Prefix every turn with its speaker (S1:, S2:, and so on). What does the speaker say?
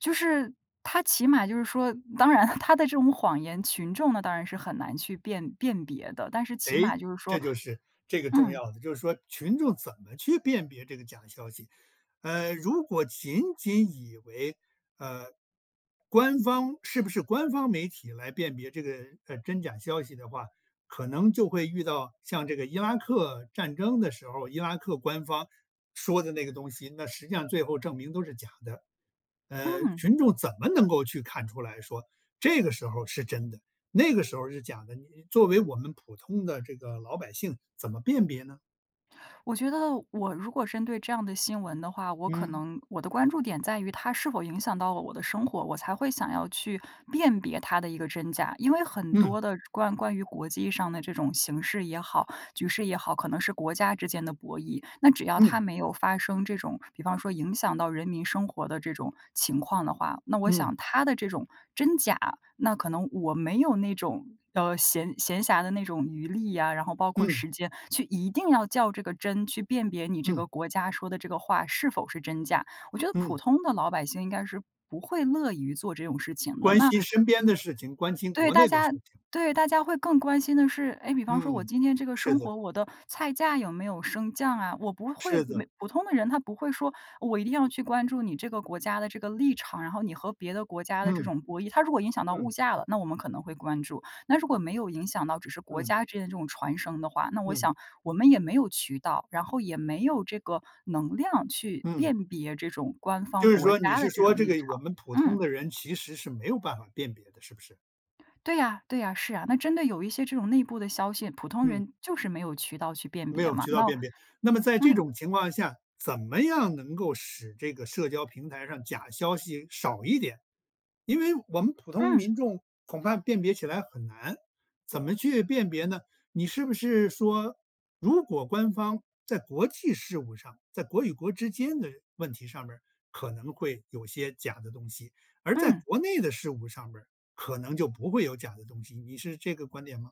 S1: 就是，它起码就是说当然它的这种谎言，群众呢当然是很难去辨辨别的，但是起
S2: 哎，
S1: 码就是
S2: 这
S1: 说
S2: 就是这个重
S1: 嗯。
S2: 要的。就是说群众怎么去辨别这个假消息。呃，如果仅仅以为，呃，官方是不是官方媒体来辨别这个，呃，真假消息的话，可能就会遇到像这个伊拉克战争的时候，伊拉克官方说的那个东西，那实际上最后证明都是假的。呃，
S1: 嗯。
S2: 群众怎么能够去看出来说这个时候是真的，那个时候是假的，你作为我们普通的这个老百姓怎么辨别呢？
S1: 我觉得我如果针对这样的新闻的话，我可
S2: 嗯。
S1: 能我的关注点在于它是否影响到了我的生活，我才会想要去辨别它的一个真假。因为很
S2: 嗯。
S1: 多的关关于国际上的这种形势也好，局势也好，可能是国家之间的博弈。那只要
S2: 嗯。
S1: 它没有发生这种，比方说影响到人民生活的这种情况的话，那我
S2: 嗯。
S1: 想它的这种真假，那可能我没有那种，呃，闲闲暇的那种余力呀，然后包括
S2: 嗯。
S1: 时间去一定要较这个真，去辨别你这
S2: 嗯。
S1: 个国家说的这个话是否是真假，我觉得普
S2: 嗯。
S1: 通的老百姓应该是不会乐于做这种事情的，
S2: 关
S1: 那
S2: 心身边的事情，关心
S1: 对，
S2: 国
S1: 大
S2: 内的事
S1: 家
S2: 情。
S1: 对，大家会更关心的是，哎，比方说我
S2: 嗯，
S1: 今天这个
S2: 是
S1: 生
S2: 的。
S1: 活，我的菜价有没有升降啊，我不会
S2: 是的。
S1: 没普通的人，他不会说，呃，我一定要去关注你这个国家的这个立场，然后你和别的国家的这
S2: 嗯。
S1: 种博弈。它如果影响到物
S2: 嗯。
S1: 价了，那我们可能会关注，那如果没有影响到，只是国
S2: 嗯。
S1: 家之间的这种传声的话，那我
S2: 嗯。
S1: 想我们也没有渠道，然后也没有这个能量去
S2: 嗯。
S1: 辨别这种官方
S2: 就是
S1: 国
S2: 说你
S1: 家
S2: 是
S1: 的这
S2: 说
S1: 种
S2: 这
S1: 立
S2: 个我
S1: 场，
S2: 们普
S1: 嗯。
S2: 通的人其实是没有办法辨别的，是不是？
S1: 对呀对呀，是啊。那针对有一些这种内部的消息，普通
S2: 嗯。
S1: 人就是没有渠道去辨
S2: 没
S1: 别
S2: 有
S1: 嘛。
S2: 渠道
S1: 那
S2: 辨别。那么在这
S1: 嗯。
S2: 种情况下，怎么样能够使这个社交平台上假消息少一点。因为我们普通
S1: 嗯。
S2: 民众恐怕辨别起来很难，怎么去辨别呢？你是不是说如果官方在国际事务上，在国与国之间的问题上面可能会有些假的东西，而在
S1: 嗯。
S2: 国内的事务上面可能就不会有假的东西，你是这个观点吗？